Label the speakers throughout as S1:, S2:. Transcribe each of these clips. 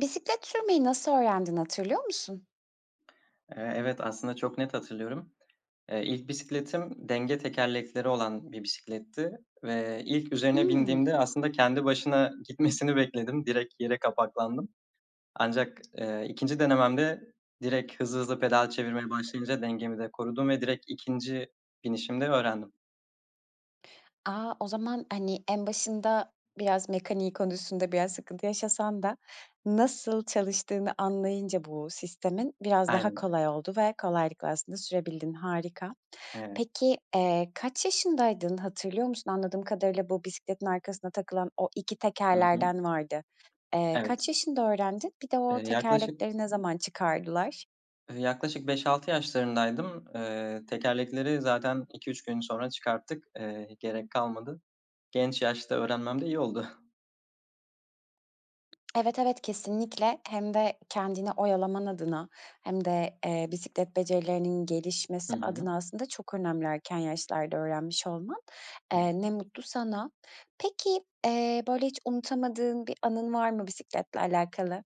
S1: Bisiklet sürmeyi nasıl öğrendin, hatırlıyor musun?
S2: Eee, evet, aslında çok net hatırlıyorum. Eee, ilk bisikletim denge tekerlekleri olan bir bisikletti ve ilk üzerine
S1: Hımm.
S2: bindiğimde aslında kendi başına gitmesini bekledim. Direkt yere kapaklandım. Ancak, eee, 2'nci denememde direkt hızlı hızlı pedal çevirmeye başlayınca dengemi de korudum ve direkt 2'nci binişimde öğrendim.
S1: A! O zaman, hani, en başında biraz mekaniği konusunda biraz sıkıntı yaşasan da nasıl çalıştığını anlayınca bu sistemin biraz daha
S2: Aynen.
S1: kolay oldu ve kolaylıkla aslında sürebildin. Harika.
S2: Evet.
S1: Peki, eee, kaç yaşındaydın? Hatırlıyor musun? Anladığım kadarıyla bu bisikletin arkasına takılan o 2
S2: Hı hı.
S1: tekerlerden vardı. Eee,
S2: Evet.
S1: kaç yaşında öğrendin? Bir de o
S2: Eee, yaklaşık
S1: tekerlekleri ne zaman çıkardılar?
S2: Eee, yaklaşık 5-6 yaşlarındaydım. Eee, tekerlekleri zaten 2-3 gün sonra çıkarttık. Eee, gerek kalmadı. Genç yaşta öğrenmem de iyi oldu.
S1: Evet, evet, kesinlikle. Hem de kendini oyalaman adına hem de, eee, bisiklet becerilerinin
S2: Hı
S1: gelişmesi
S2: hı.
S1: adına aslında çok önemli erken yaşlarda öğrenmiş olman,
S2: [unintelligible]
S1: eee, ne mutlu sana. Peki, eee, böyle, hiç unutamadığın bir anın var mı bisikletle alakalı?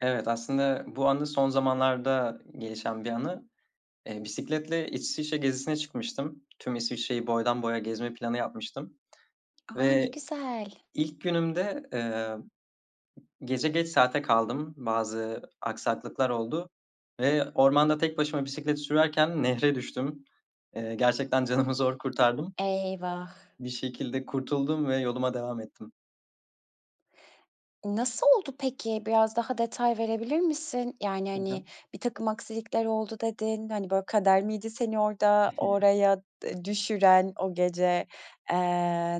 S2: Evet, aslında bu anı son zamanlarda gelişen bir anı. Eee, bisikletle İsviçre gezisine çıkmıştım. Tüm İsviçre'yi boydan boya gezme planı yapmıştım
S1: A, ne
S2: ve
S1: güzel.
S2: ilk günümde, eee, gece geç saate kaldım. Bazı aksaklıklar oldu ve ormanda tek başıma bisiklet sürerken nehre düştüm. Eee, gerçekten canımı zor kurtardım.
S1: Eyvah.
S2: Bir şekilde kurtuldum ve yoluma devam ettim.
S1: Nasıl oldu peki? Biraz daha detay verebilir misin? Yani,
S2: Hı hı.
S1: hani, birtakım aksilikler oldu dedin. Hani, böyle, kader miydi seni orada oraya e düşüren o gece, eee,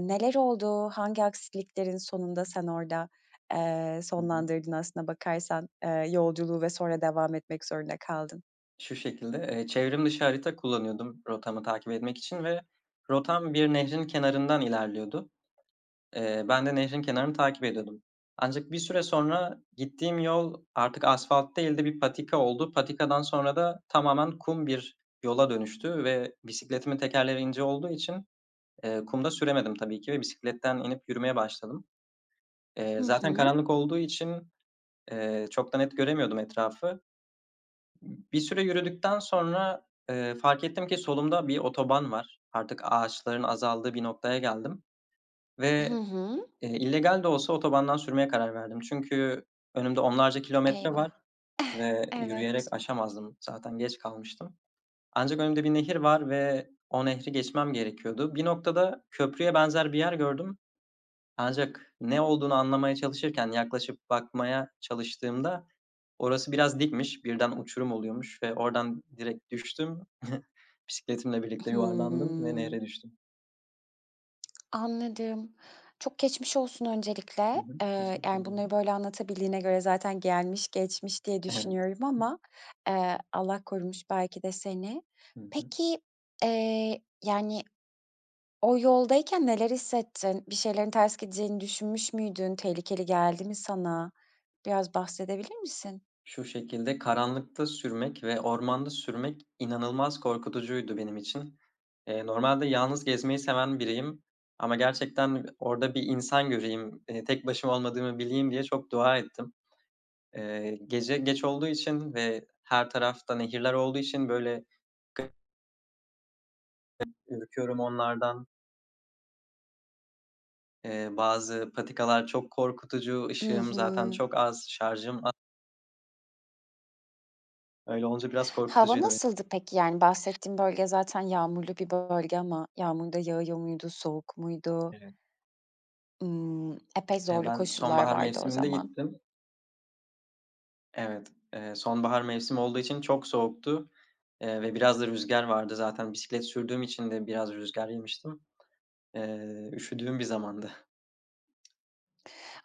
S1: neler oldu? Hangi aksiliklerin sonunda sen orada, eee,
S2: Hı hı.
S1: sonlandırdın aslına bakarsan, ııı, yolculuğu ve sonra devam etmek zorunda kaldın?
S2: Şu şekilde. Eee, çevrim dışı harita kullanıyordum rotamı takip etmek için ve rotam bir nehrin kenarından ilerliyordu. Eee, ben de nehrin kenarını takip ediyordum. Ancak bir süre sonra gittiğim yol artık asfalt değil de bir patika oldu. Patikadan sonra da tamamen kum bir yola dönüştü ve bisikletimin tekerleri ince olduğu için, eee, kumda süremedim tabii ki ve bisikletten inip yürümeye başladım.
S1: Hı
S2: Eee, zaten
S1: hı.
S2: karanlık olduğu için, eee, çok da net göremiyordum etrafı. Bir süre yürüdükten sonra, ııı, fark ettim ki solumda bir otoban var. Artık ağaçların azaldığı bir noktaya geldim
S1: Hı
S2: ve,
S1: hı.
S2: ııı, illegal de olsa otobandan sürmeye karar verdim. Çünkü önümde onlarca kilometre var
S1: Eyvah.
S2: ve
S1: Evet.
S2: yürüyerek aşamazdım. Zaten geç kalmıştım. Ancak önümde bir nehir var ve o nehri geçmem gerekiyordu. Bir noktada köprüye benzer bir yer gördüm. Ancak ne olduğunu anlamaya çalışırken yaklaşıp bakmaya çalıştığımda orası biraz dikmiş. Birden uçurum oluyormuş ve oradan direkt düştüm. Bisikletimle birlikte yuvarlandım ve
S1: Hıı.
S2: nehre düştüm.
S1: Anladım. Çok geçmiş olsun
S2: Hı
S1: öncelikle.
S2: hı.
S1: Eee, yani,
S2: Teşekkürler.
S1: bunları, böyle, anlatabildiğine göre zaten gelmiş geçmiş diye
S2: Evet.
S1: düşünüyorum ama, eee, Allah korumuş belki de seni.
S2: Hı hı.
S1: Peki, eee, yani, o yoldayken neler hissettin? Bir şeylerin ters gideceğini düşünmüş müydün? Tehlikeli geldi mi sana? Biraz bahsedebilir misin?
S2: Şu şekilde, karanlıkta sürmek ve ormanda sürmek inanılmaz korkutucuydu benim için. Eee, normalde yalnız gezmeyi seven biriyim. Ama gerçekten orada bir insan göreyim. Eee, tek başıma olmadığımı bileyim diye çok dua ettim. Eee, gece geç olduğu için ve her tarafta nehirler olduğu için böyle [unintelligible] [unintelligible] ürküyorum onlardan. Eee, bazı patikalar çok korkutucu,
S1: I
S2: ışığım zaten
S1: hı.
S2: çok az, şarjım a Öyle, olunca biraz
S1: Hava
S2: korkutucuydu be
S1: nasıldı peki? Yani, bahsettiğin bölge zaten yağmurlu bir bölge ama yağmur da yağıyor muydu, soğuk muydu?
S2: Evet.
S1: Iıı, epey
S2: Eee,
S1: zorlu
S2: ben
S1: koşullar
S2: sonbahar
S1: vardı o
S2: mevsiminde
S1: zaman.
S2: gittim. Evet, eee, sonbahar mevsim olduğu için çok soğuktu, eee, ve biraz da rüzgâr vardı. Zaten bisiklet sürdüğüm için de biraz rüzgâr yemiştim. Eee, üşüdüğüm bir zamandı.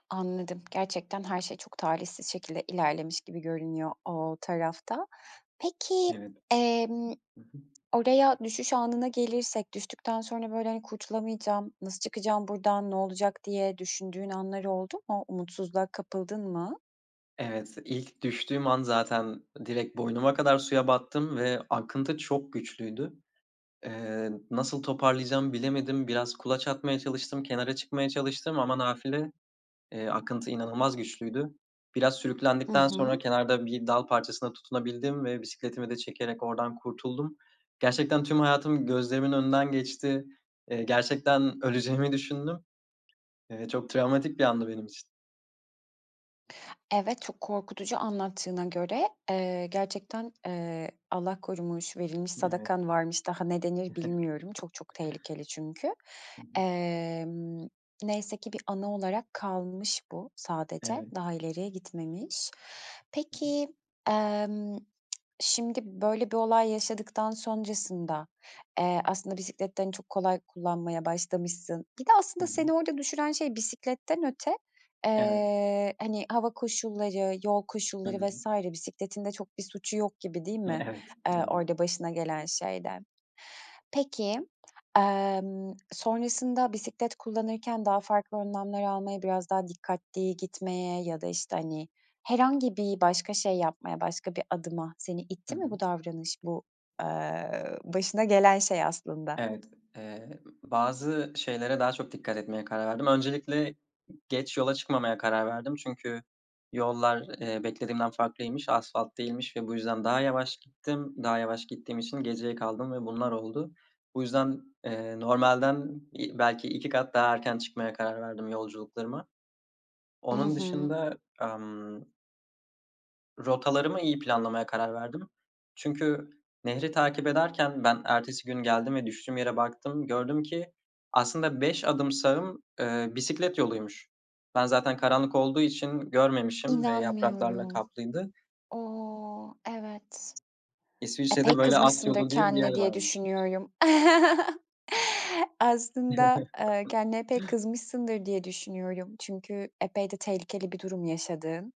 S1: Anladım. Gerçekten her şey çok talihsiz şekilde ilerlemiş gibi görünüyor o tarafta. Peki,
S2: Evet.
S1: emm,
S2: Hı hı.
S1: oraya düşüş anına gelirsek düştükten sonra, böyle, hani, "Kurtulamayacağım, nasıl çıkacağım burdan, ne olacak?" diye düşündüğün anlar oldu mu? Umutsuzluğa kapıldın mı?
S2: Evet, ilk düştüğüm an zaten direkt boynuma kadar suya battım ve akıntı çok güçlüydü. Eee, nasıl toparlayacağım bilemedim. Biraz kulaç atmaya çalıştım. Kenara çıkmaya çalıştım ama nafile, eee, akıntı inanılmaz güçlüydü. Biraz
S1: Hı
S2: sürüklendikten sonra
S1: hı.
S2: kenarda bir dal parçasına tutunabildim ve bisikletimi de çekerek oradan kurtuldum. Gerçekten tüm hayatım gözlerimin önünden geçti. Eee, gerçekten öleceğimi düşündüm. Eee, çok travmatik bir andı benim için.
S1: Evet, çok korkutucu anlattığına göre. Eee, gerçekten, eee, Allah korumuş, verilmiş
S2: Evet.
S1: sadakan varmış, daha ne denir bilmiyorum. Çok çok tehlikeli çünkü.
S2: Hı hı.
S1: Emm, neyse ki bir anı olarak kalmış bu sadece,
S2: Evet.
S1: daha ileriye gitmemiş. Peki, emm, şimdi böyle bir olay yaşadıktan sonrasında, eee, aslında bisikleti de, hani, çok kolay kullanmaya başlamışsın Bir de
S2: Hı
S1: aslında seni
S2: hı.
S1: orada düşüren şey bisikletten öte,
S2: Evet.
S1: eee, hani, hava koşulları, yol
S2: Hı
S1: koşulları
S2: hı.
S1: vs. bisikletin de çok bir suçu yok gibi değil mi,
S2: Evet,
S1: eee,
S2: doğru.
S1: orada başına gelen şeyden? Peki, amm, sonrasında bisiklet kullanırken daha farklı önlemler almaya, biraz daha dikkatli gitmeye ya da, işte, hani, herhangi bir başka şey yapmaya, başka bir adıma seni
S2: Hı
S1: itti
S2: hı.
S1: mi bu davranış, bu, eee, başına gelen şey aslında?
S2: Evet. Eee, bazı şeylere daha çok dikkat etmeye karar verdim. Öncelikle geç yola çıkmamaya karar verdim çünkü yollar, eee, beklediğimden farklıymış. Asfalt değilmiş ve bu yüzden daha yavaş gittim. Daha yavaş gittiğim için geceye kaldım ve bunlar oldu. Bu yüzden, eee, normalden i belki 2 kat daha erken çıkmaya karar verdim yolculuklarıma.
S1: I
S2: Onun
S1: hı.
S2: dışında amm Rotalarımı iyi planlamaya karar verdim. Çünkü nehri takip ederken ben ertesi gün geldim ve düştüğüm yere baktım. Gördüm ki aslında 5 adım sağım, eee, bisiklet yoluymuş. Ben zaten karanlık olduğu için görmemişim ve yapraklarla
S1: İnanmıyorum.
S2: kaplıydı.
S1: O, evet.
S2: İsviçre'de
S1: Epey
S2: böyle, alt
S1: kızmışsındır
S2: yolu diye bir yer
S1: kendine diye
S2: varmış.
S1: düşünüyorum. Aslında, eee, kendine pek kızmışsındır diye düşünüyorum. Çünkü epey de tehlikeli bir durum yaşadığın,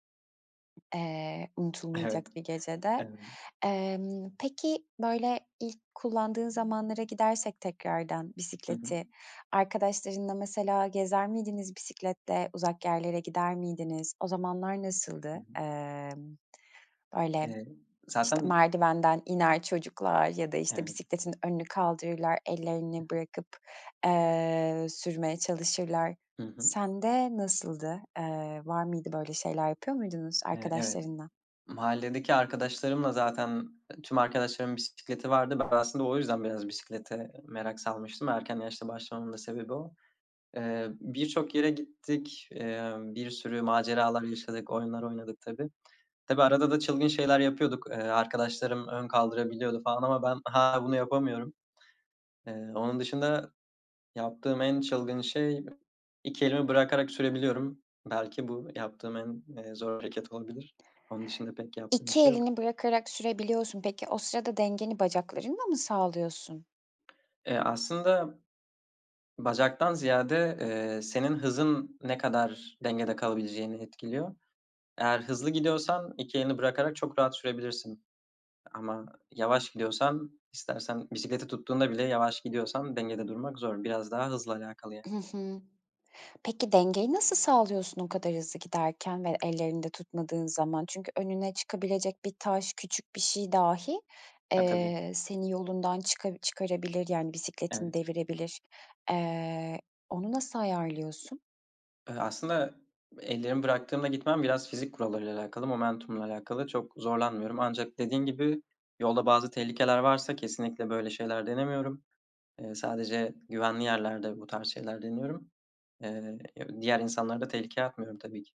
S1: eee, unutulmayacak
S2: Evet.
S1: bir gecede.
S2: Eee
S1: Emm, peki, böyle, ilk kullandığın zamanlara gidersek tekrardan
S2: Hı
S1: bisikleti,
S2: hı.
S1: arkadaşlarınla mesela gezer miydiniz bisikletle, uzak yerlere gider miydiniz? O zamanlar
S2: Hı
S1: nasıldı?
S2: hı.
S1: Emm, böyle,
S2: Eee,
S1: işte,
S2: zaten
S1: merdivenden iner çocuklar ya da, işte,
S2: Evet.
S1: bisikletin önünü kaldırırlar, ellerini
S2: [unintelligible]
S1: bırakıp, eee, sürmeye çalışırlar.
S2: Hı hı.
S1: Sen de nasıldı? Eee, var mıydı böyle şeyler yapıyor muydunuz
S2: Eee, evet.
S1: arkadaşlarınla?
S2: Mahalledeki arkadaşlarımla zaten, eee, tüm arkadaşlarımın bisikleti vardı. Ben aslında o yüzden biraz bisiklete merak salmıştım. Erken yaşta başlamamın da sebebi o. Eee, birçok yere gittik, emm, bir sürü maceralar yaşadık, oyunlar oynadık tabii. Tabii arada da çılgın şeyler yapıyorduk. Eee, arkadaşlarım ön kaldırabiliyordu falan ama ben hâlâ bunu yapamıyorum. Eee, onun dışında yaptığım en çılgın şey 2 elimi bırakarak sürebiliyorum. Belki bu yaptığım en, eee, zor hareket olabilir. Onun dışında pek yaptığım bir
S1: 2
S2: şey yok.
S1: elini bırakarak sürebiliyorsun. Peki, o sırada dengeni bacaklarınla mı sağlıyorsun?
S2: Eee, aslında bacaktan ziyade, eee, senin hızın ne kadar dengede kalabileceğini etkiliyor. Eğer hızlı gidiyorsan 2 elini bırakarak çok rahat sürebilirsin. Ama yavaş gidiyorsan istersen bisikleti tuttuğunda bile yavaş gidiyorsan dengede durmak zor. Biraz daha hızla alakalı yani.
S1: Hı hı. Peki, dengeyi nasıl sağlıyorsun o kadar hızlı giderken ve ellerinde tutmadığın zaman? Çünkü önüne çıkabilecek bir taş küçük bir şey dahi,
S2: Ya tabii.
S1: eee, seni yolundan çıka çıkarabilir, yani, bisikletini
S2: Evet.
S1: devirebilir. Eee, onu nasıl ayarlıyorsun?
S2: Iıı, aslında ellerimi bıraktığımda gitmem biraz fizik kurallarıyla alakalı momentumla alakalı çok zorlanmıyorum ancak dediğin gibi yolda bazı tehlikeler varsa kesinlikle böyle şeyler denemiyorum. Eee, sadece güvenli yerlerde bu tarz şeyler deniyorum. Eee, diğer insanları da tehlikeye atmıyorum tabii ki.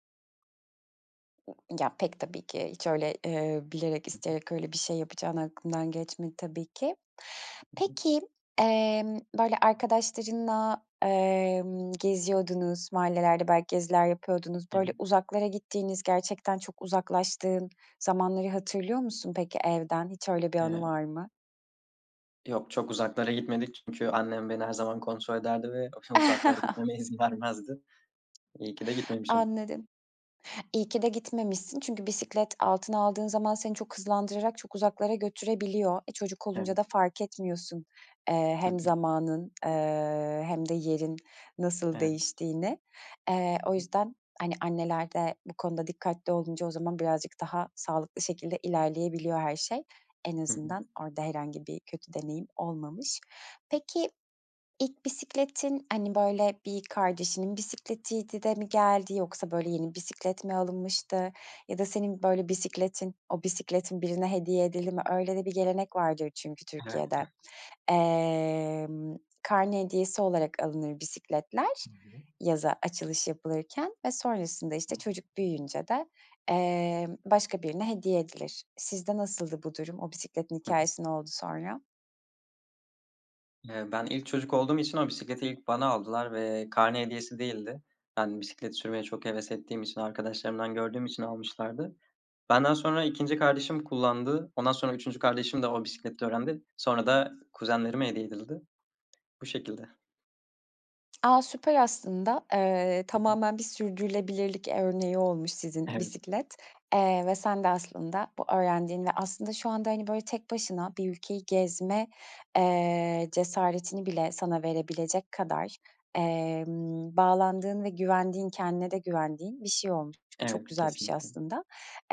S1: Ya, pek tabii ki. Hiç, öyle, ııı, bilerek
S2: Hı hı.
S1: isteyerek öyle bir şey yapacağın aklımdan geçmedi tabii ki.
S2: Hı hı.
S1: Peki, emm, böyle, arkadaşlarınla, emm, geziyordunuz, mahallelerde belki geziler yapıyordunuz. Böyle,
S2: [unintelligible]
S1: uzaklara gittiğiniz, gerçekten çok uzaklaştığın zamanları hatırlıyor musun peki evden? Hiç öyle bir anı
S2: Eee
S1: var mı?
S2: Yok, çok uzaklara gitmedik. Çünkü annem beni her zaman kontrol ederdi ve akşam uzaklara gitmeme izin vermezdi. İyi ki de gitmemişim.
S1: Anladım. İyi ki de gitmemişsin çünkü bisiklet altına aldığın zaman seni çok hızlandırarak çok uzaklara götürebiliyor. E, çocuk olunca
S2: Evet.
S1: da fark etmiyorsun, eee,
S2: Hı hı.
S1: hem zamanın, eee, hem de yerin nasıl
S2: Evet.
S1: değiştiğini. Eee,
S2: Hı
S1: o
S2: hı.
S1: yüzden, hani, anneler de bu konuda dikkatli olunca o zaman birazcık daha sağlıklı şekilde ilerleyebiliyor her şey. En
S2: Hı hı.
S1: azından orada herhangi bir kötü deneyim olmamış. Peki, ilk bisikletin, hani, böyle, bir kardeşinin bisikletiydi de mi geldi? Yoksa, böyle, yeni bisiklet mi alınmıştı ya da senin böyle bisikletin o bisikletin birine hediye edildi mi? Öyle de bir gelenek vardır çünkü Türkiye'de.
S2: [unintelligible]
S1: Emm, karne hediyesi olarak alınır bisikletler.
S2: [unintelligible]
S1: Yaza açılış yapılırken ve sonrasında, işte, çocuk büyüyünce de, emm, başka birine hediye edilir. Sizde nasıldı bu durum? O bisikletin
S2: Hı hı.
S1: hikâyesi ne oldu sonra?
S2: Eee, ben ilk çocuk olduğum için o bisikleti ilk bana aldılar ve karne hediyesi değildi. Ben bisiklet sürmeye çok heves ettiğim için arkadaşlarımdan gördüğüm için almışlardı. Benden sonra 2'ince kardeşim kullandı. Ondan sonra 3'üncü kardeşim de o bisikletle öğrendi. Sonra da kuzenlerime hediye edildi. Bu şekilde.
S1: A, süper aslında, eee,
S2: Hı hı.
S1: tamamen bir sürdürülebilirlik, eee, örneği olmuş sizin
S2: Evet.
S1: bisiklet, eee, ve sen de aslında bu öğrendiğin ve aslında şu anda, hani, böyle, tek başına bir ülkeyi gezme, eee, cesaretini bile sana verebilecek kadar, emm, bağlandığın ve güvendiğin, kendine de güvendiğin bir şey olmuş. Bu çok
S2: Evet,
S1: güzel bir şey
S2: kesinlikle.
S1: aslında.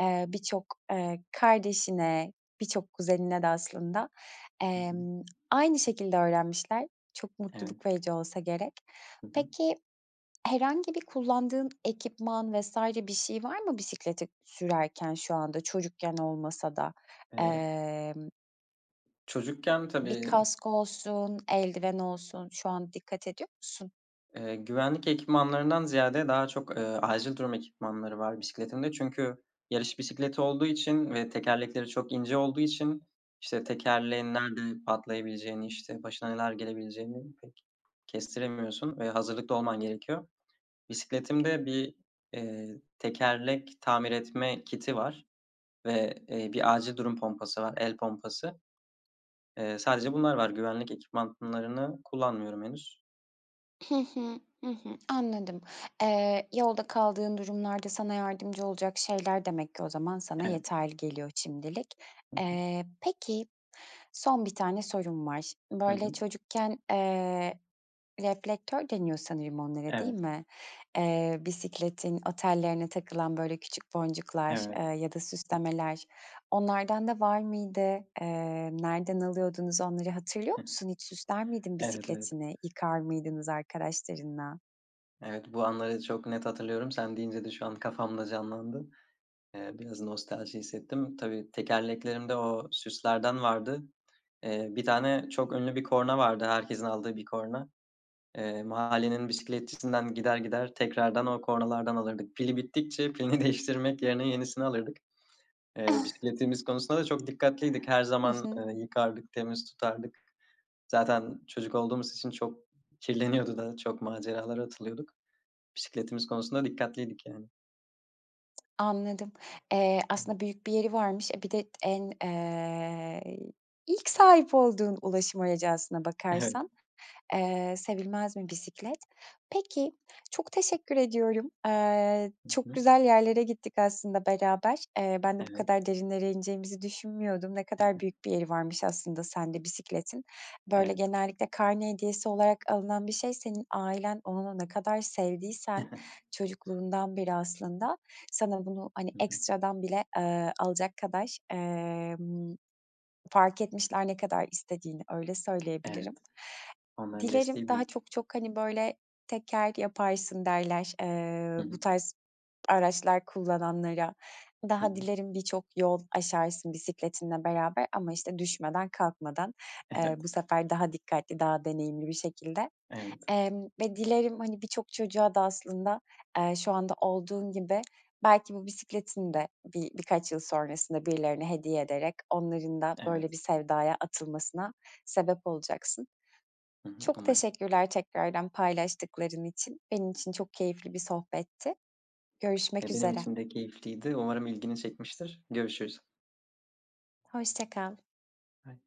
S1: Eee, birçok, eee, kardeşine, birçok kuzenine de aslında,
S2: Hı hı.
S1: emm, aynı şekilde öğrenmişler. Çok
S2: Evet.
S1: mutluluk verici olsa gerek.
S2: HI hı.
S1: Peki, herhangi bir kullandığın ekipman vs. bir şey var mı bisikleti sürerken şu anda çocukken olmasa da?
S2: Eee
S1: Emm
S2: Çocukken
S1: Bir
S2: tabii
S1: kask olsun, eldiven olsun, şu an dikkat ediyor musun?
S2: Eee, güvenlik ekipmanlarından ziyade daha çok, eee, acil durum ekipmanları var bisikletimde çünkü yarış bisikleti olduğu için ve tekerlekleri çok ince olduğu için, işte, tekerleğin nerede patlayabileceğini, işte, başına neler gelebileceğini pek kestiremiyorsun ve hazırlıklı olman gerekiyor. Bisikletimde bir, eee, tekerlek tamir etme kiti var ve, eee, bir acil durum pompası var, el pompası, eee, sadece bunlar var. Güvenlik ekipmanlarını kullanmıyorum henüz.
S1: Hı hı. Hı hı. Anladım. Eee, yolda kaldığın durumlarda sana yardımcı olacak şeyler demek ki o zaman sana
S2: Evet.
S1: yeterli geliyor şimdilik.
S2: Hı hı.
S1: Eee, peki son 1 tane sorum var. Ş
S2: Hı
S1: böyle,
S2: hı.
S1: çocukken, eee, reflektör deniyor sanırım onlara, değil
S2: Evet.
S1: mi? Eee, bisikletin o tellerine takılan, böyle, küçük boncuklar,
S2: Evet.
S1: eee, ya da süslemeler, onlardan da var mıydı? Eee, nereden alıyordunuz onları hatırlıyor musun? Hiç süsler miydin
S2: Evet, evet.
S1: bisikletini, yıkar mıydınız arkadaşlarınla?
S2: Evet, bu anları çok net hatırlıyorum. Sen deyince de şu an kafamda canlandı. Eee, biraz nostalji hissettim. Tabii tekerleklerimde o süslerden vardı. Eee, 1 tane çok ünlü bir korna vardı. Herkesin aldığı bir korna. Eee, mahallenin bisikletçisinden gider gider tekrardan o kornalardan alırdık. Pili bittikçe pilini değiştirmek yerine yenisini alırdık. Eee, bisikletimiz konusunda da çok dikkatliydik. Her
S1: Hı
S2: zaman,
S1: hı.
S2: eee, yıkardık, temiz tutardık. Zaten çocuk olduğumuz için çok kirleniyordu da çok maceralara atılıyorduk. Bisikletimiz konusunda dikkatliydik yani.
S1: Anladım. Eee, aslında büyük bir yeri varmış. E, bir de en eee, ilk sahip olduğun ulaşım aracı aslına
S2: Evet.
S1: bakarsan, eee, sevilmez mi bisiklet? Peki, çok teşekkür ediyorum. Eee,
S2: Hı
S1: çok
S2: hı.
S1: güzel yerlere gittik aslında beraber. Eee, ben de bu
S2: Evet.
S1: kadar derinlere ineceğimizi düşünmüyordum. Ne kadar büyük bir yeri varmış aslında sende bisikletin. Böyle,
S2: Evet.
S1: genellikle karne hediyesi olarak alınan bir şey, senin ailen onunu ne kadar sevdiysen, çocukluğundan beri aslında, sana bunu, hani,
S2: Hı hı.
S1: ekstradan bile, eee, alacak kadar, emm, fark etmişler ne kadar istediğini, öyle söyleyebilirim.
S2: Evet. Onların
S1: Dilerim
S2: desteği
S1: daha
S2: büyük.
S1: çok çok, hani, böyle, "Teker yaparsın." derler,
S2: Hı
S1: eee,
S2: hı.
S1: bu tarz araçlar kullananlara.
S2: Hı
S1: Daha
S2: hı.
S1: dilerim birçok yol aşarsın bisikletinle beraber ama, işte, düşmeden kalkmadan, eee,
S2: Evet.
S1: bu sefer daha dikkatli, daha deneyimli bir şekilde,
S2: Evet.
S1: emm, ve dilerim, hani, birçok çocuğa da aslında, eee, şu anda olduğun gibi belki bu bisikletini de bi bir birkaç yıl sonrasında birilerine hediye ederek onların da
S2: Evet.
S1: böyle bir sevdaya atılmasına sebep olacaksın.
S2: Hı hı,
S1: Çok
S2: umarım.
S1: teşekkürler tekrardan paylaştıkların için. Benim için çok keyifli bir sohbetti. Görüşmek
S2: E, benim
S1: üzere.
S2: için de keyifliydi. Umarım ilgini çekmiştir. Görüşürüz.
S1: Hoşça kal.
S2: [unintelligible]